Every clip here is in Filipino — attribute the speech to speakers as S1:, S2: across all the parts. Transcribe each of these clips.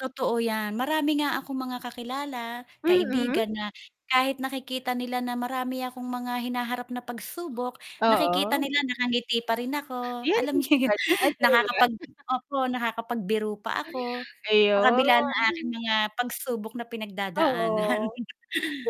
S1: Totoo 'yan marami nga akong mga kakilala,
S2: Mm.
S1: kaibigan na kahit nakikita nila na marami akong mga hinaharap na pagsubok, nakikita
S2: Oo.
S1: nila nakangiti pa rin ako. Alam n'yo 'yun
S2: [unintelligible]
S1: nakakapag opo, nakakapagbiro pa ako sa kabila ng aking
S2: Ayun.
S1: mga pagsubok na pinagdadaanan
S2: Oo,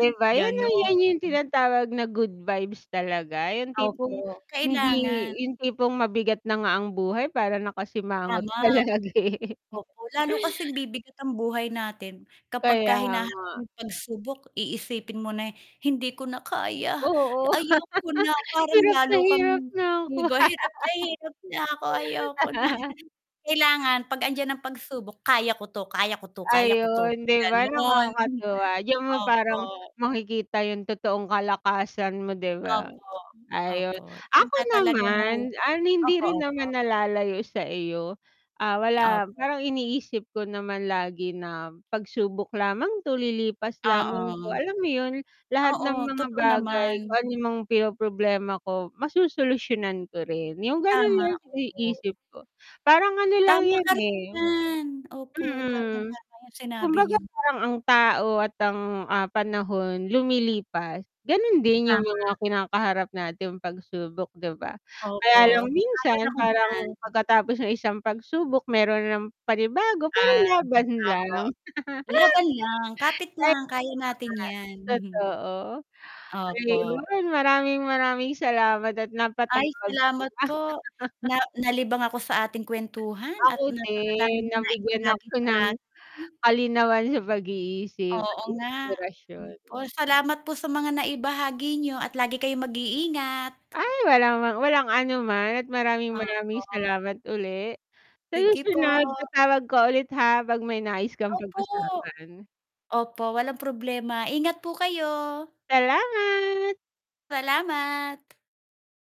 S2: 'di ba, 'yan 'yung 'yan
S1: ganon.
S2: 'yung tinatawag na good vibes talaga, yung tipong
S1: Opo,
S2: hindi
S1: kailangan.
S2: yung tipong mabigat na nga ang buhay para nakasimangot
S1: Tama.
S2: pa lagi.
S1: Opo. Lalo kasing bibigat ang buhay natin kapag ka
S2: Kaya nga.
S1: hinaharap ng pagsubok iisipin mo na, "Hindi ko na kaya,
S2: Oo,
S1: ayoko na." parang
S2: hirap
S1: lalo
S2: na
S1: kang
S2: hirap na ako.
S1: 'di ba. "Hirap na hirap na ako. Ayoko na." Kailangan 'pag 'andiyan ang pagsubok, "Kaya ko 'to, kaya ko 'to, kaya ko 'to.",
S2: Ayun 'di ba,
S1: gano'n.
S2: nakakatuwa 'yung parang
S1: Opo.
S2: makikita yung totoong kalakasan mo 'di ba?
S1: Opo,
S2: Ayun,
S1: opo diyan
S2: ako
S1: ka talaga mahu
S2: naman, ah, hindi
S1: opo,
S2: rin
S1: opo.
S2: naman nalalayo sa iyo. Ah, wala
S1: Opo.
S2: parang iniisip ko naman lagi na pagsubok lamang 'to, lilipas lamang 'to.
S1: Oo.
S2: Alam mo yun, lahat ng
S1: Oo,
S2: mga
S1: totoo
S2: bagay, kung
S1: naman.
S2: anong mga pinoproblema ko, masosolusyunan ko rin. Yung ganun
S1: Tama,
S2: lang
S1: opo.
S2: iniisip ko. Parang ano lang
S1: Tama
S2: yun,
S1: ka rin
S2: eh
S1: dyan! Opo,
S2: mm,
S1: tamang-tama yung sinabi
S2: kumbaga
S1: niyo.
S2: parang ang tao at ang, ah, panahon lumilipas, ganun din yung
S1: Tama.
S2: mga kinakaharap nating pagsubok, 'di ba? Kaya
S1: Opo,
S2: lang
S1: sang-ayon
S2: minsan,
S1: ako diyan.
S2: parang pagkatapos ng isang pagsubok meron na namang panibago pero
S1: Ah,
S2: laban
S1: opo.
S2: lang.
S1: Laban lang! Kapit
S2: [unintelligible]
S1: lang, kaya natin yan.
S2: Totoo.
S1: Opo.
S2: Ayun, maraming, maraming salamat at
S1: Ay
S2: napatawag ka.
S1: salamat po! Na nalibang ako sa ating kwentuhan at
S2: Ako din.
S1: napakadami n'yong
S2: Nabigyan
S1: naibahagi
S2: ako
S1: sa
S2: ng
S1: akin.
S2: kalinawan sa pag-iisip,
S1: Oo nga.
S2: inspirasyon.
S1: Opo, salamat po sa mga naibahagi niyo at lagi kayong mag-iingat!
S2: Ay! Wala mang walang ano man at maraming maraming
S1: Opo.
S2: salamat uli. Sa
S1: Sige po.
S2: susunod tatawag ka ulit, ha, pag may nais kang
S1: Opo!
S2: pag-usapan.
S1: Opo, walang problema. Ingat po kayo!
S2: Salamat!
S1: Salamat!